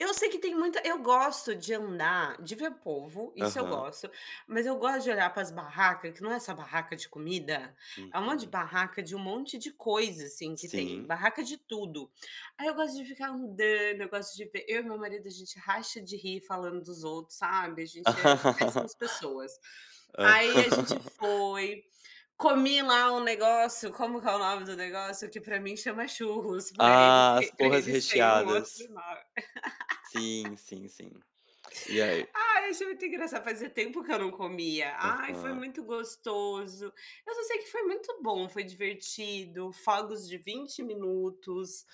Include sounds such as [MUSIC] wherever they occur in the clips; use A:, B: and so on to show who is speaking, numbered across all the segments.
A: Eu sei que tem muita eu gosto de andar, de ver povo, isso eu
B: Aham.
A: gosto, mas eu gosto de olhar para as barraca, que não é só barraca de comida, é um monte de
B: Uhum.
A: barraca de um monte de coisa, assim, que tem,
B: Sim.
A: barraca de tudo. Aí eu gosto de ficar andando, eu gosto de ver eu e meu marido, a gente racha de rir falando dos outros, sabe, a gente é
B: [LAUGHS]
A: péssimas pessoas.
B: Hã.
A: Aí a gente
B: [LAUGHS]
A: foi, comi lá um negócio, como que é o nome do negócio? Que para mim chama churros, para ele
B: Ah, as
A: te para
B: porras
A: eles têm um outro
B: recheadas.
A: nome. [LAUGHS]
B: Sim, sim, sim. E aí?
A: Ai, achei muito engraçado, fazia tempo que eu não comia. Ai, foi
B: Aham.
A: muito gostoso. Eu só sei que foi muito bom, foi divertido, fogos de 20 minutos.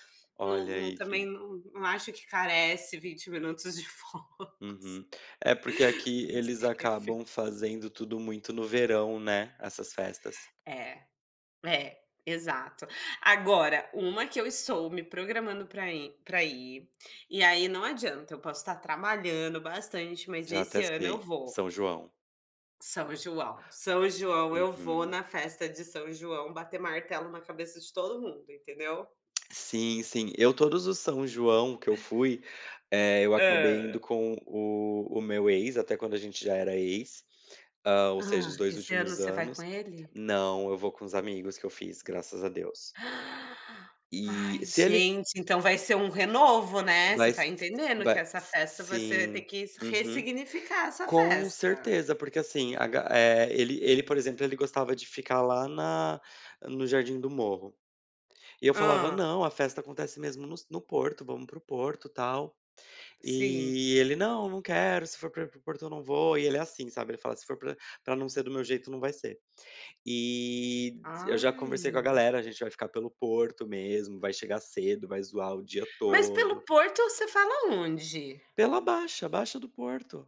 A: Não
B: Olha
A: não
B: aí
A: também
B: que
A: n não acho que carece 20 minutos de fogos. [LAUGHS]
B: Uhum. É, porque aqui eles
A: [UNINTELLIGIBLE]
B: acabam fazendo tudo muito no verão, né, essas festas.
A: É. É, exato. Agora, uma que eu estou me programando para ir para ir, e aí não adianta, eu posso estar trabalhando bastante, mas
B: Já até
A: esse ano eu
B: sei,
A: vou.
B: São João.
A: São João. São João, eu vou
B: Uhum.
A: na festa de São João bater martelo na cabeça de todo mundo, entendeu.
B: Sim, sim. Eu, todos os São João que eu fui, eh, eu acabei indo
A: Hã.
B: com o o meu ex, até quando a gente já era ex, ah, ou seja,
A: Ah,
B: os 2
A: esse ano
B: últimos
A: você vai com
B: anos.
A: ele?
B: Não, eu vou com os amigos que eu fiz, graças a Deus.
A: [GASPS] Ai
B: E, se ele
A: gente, então vai ser um renovo, né, você está
B: Mas
A: entendendo
B: ma
A: que essa
B: s
A: festa, você vai ter
B: sim.
A: que
B: Uhum.
A: ressignificar essa
B: Com
A: festa.
B: certeza, porque assim, a ga eh, ele ele, por exemplo, ele gostava de ficar lá na no Jardim do Morro. E eu falava:
A: Hã.
B: "Não, a festa acontece mesmo nos no Porto, vamos para o Porto, tal".
A: Sim.
B: E ele: "Não, não quero, se for para ir para o Porto eu não vou", e ele é assim, sabe, ele fala: "Se for para para não ser do meu jeito, não vai ser". E eu já conversei com a
A: Ai.
B: galera, a gente vai ficar pelo Porto mesmo, vai chegar cedo, vai zoar o dia
A: Mas pelo
B: todo.
A: Porto, você fala aonde?
B: Pela Baixa, a Baixa do Porto.